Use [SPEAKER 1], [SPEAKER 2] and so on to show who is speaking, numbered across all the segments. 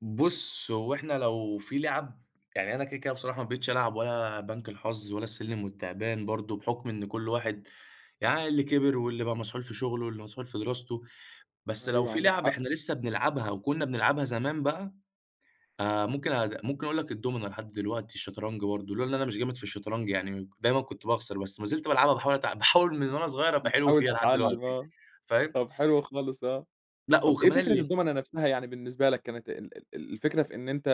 [SPEAKER 1] بُصّ هو إحنا لو في لِعَب يعني أنا كده، كده بصراحة ما بقيتش ألعب ولا بنك الحظ ولا السلّم والتعبان برضو، بحكم إن كُلّ واحد يعني اللي كِبِر واللي بقى مسحول في شغله واللي مسحول في دراسته، بس لو
[SPEAKER 2] أيوه،
[SPEAKER 1] في
[SPEAKER 2] عندك
[SPEAKER 1] لِعَب
[SPEAKER 2] حق.
[SPEAKER 1] إحنا لسه بنلعبها وكنا بنلعبها زمان بقى، آآ، ممكن أ ممكن أقول لك الدُومنة لحد دلوقتي، الشطرنج برضو، لولا إن أنا مش جامد في الشطرنج يعني م دايمًا كنت باخسر، بس ما زِلت بالعبها باحاول أتع باحاول من وأنا صغيّر أبقى حلو
[SPEAKER 2] بتحاول
[SPEAKER 1] فيها لحد
[SPEAKER 2] تتعلم
[SPEAKER 1] دلوقتي،
[SPEAKER 2] آه،
[SPEAKER 1] فاهم؟
[SPEAKER 2] طَب حلو خالص آه.
[SPEAKER 1] لأ
[SPEAKER 2] طَب إيه
[SPEAKER 1] وكمان
[SPEAKER 2] فكرة
[SPEAKER 1] ال
[SPEAKER 2] الدُومنة نَفْسها، يعني بالنسبة لك كانت ال ال الفكرة في إن أنت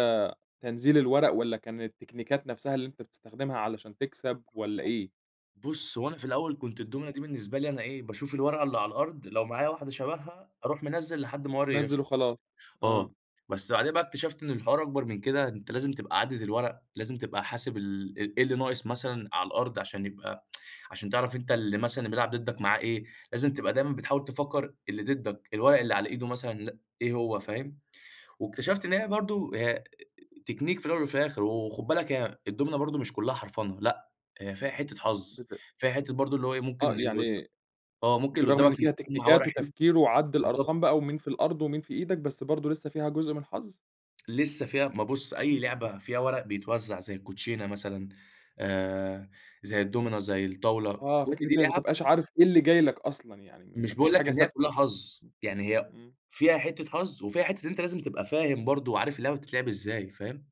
[SPEAKER 2] تنزيل الورق والّا كان التكنيكات نَفْسها اللي أنت بتستخدمها علشان تكسَب،
[SPEAKER 1] [unintelligible]
[SPEAKER 2] والّا إيه؟
[SPEAKER 1] بُصّ هو أنا في الأول كنت الدُومنة دي بالنسبة لي أنا إيه، باشوف الورقة اللي على الأرض لو معايا واحدة شبهها أرُوح منزِّل لحد ما ورقي يخلَص،
[SPEAKER 2] نزِِّل وخلاص، آه.
[SPEAKER 1] آه، بس بعدها بقى اكتشفت إن الحوار أكبر من كده، أنت لازم تبقى عادد الورق، لازم تبقى حاسب ال إ إيه اللي ناقص مثلًا على الأرض، عشان يبقى عشان تعرف أنت اللي مثلًا بيلعب ضدك معاه إيه، لازم تبقى دايمًا بتحاول تفكر اللي ضدك الورق اللي على إيده مثلًا لأ إيه هو فاهم، واكتشفت إن هي برضو هي أ Technique في الأول وفي الآخر، وخُد بالك هي الدُومنة برضو مش كلّها حرفَنة، لأ هي فيها حتّة حظ،
[SPEAKER 2] بت
[SPEAKER 1] فيها حتّة برضو اللي هو إيه ممكن
[SPEAKER 2] آه،
[SPEAKER 1] اللي قد
[SPEAKER 2] يعني
[SPEAKER 1] آه، ممكن اللي
[SPEAKER 2] بالرغم إن
[SPEAKER 1] قدّامك
[SPEAKER 2] فيها
[SPEAKER 1] يكُون معاه
[SPEAKER 2] تكنيكات
[SPEAKER 1] ورق حلو
[SPEAKER 2] وتفكير وعَدّ
[SPEAKER 1] بالضبط.
[SPEAKER 2] الأرقام بقى، ومين في الأرض ومين في إيدك، بس برضو لسه فيها جزء من الحظ؟
[SPEAKER 1] لسه فيها ما بُصّ أي
[SPEAKER 2] إمم.
[SPEAKER 1] لعبة فيها ورق بيتوزع زي الكوتشينة مثلًا، آآ، زي الدُومنة، زي الطاولة،
[SPEAKER 2] آه،
[SPEAKER 1] كُلّ
[SPEAKER 2] فكرة
[SPEAKER 1] دي
[SPEAKER 2] أنت ما
[SPEAKER 1] لِعَب
[SPEAKER 2] بتبقاش عارف إيه اللي جاي لك أصلًا يعني ما
[SPEAKER 1] مش
[SPEAKER 2] فيش
[SPEAKER 1] باقول لك
[SPEAKER 2] حاجة
[SPEAKER 1] إن هي كلّها
[SPEAKER 2] ثابتة.
[SPEAKER 1] حظ، يعني هي
[SPEAKER 2] إمم.
[SPEAKER 1] فيها حتّة حظ وفيها حتّة إن أنت لازم تبقى فاهم برضو وعارف اللعبة بتتلعب إزاي، فاهم؟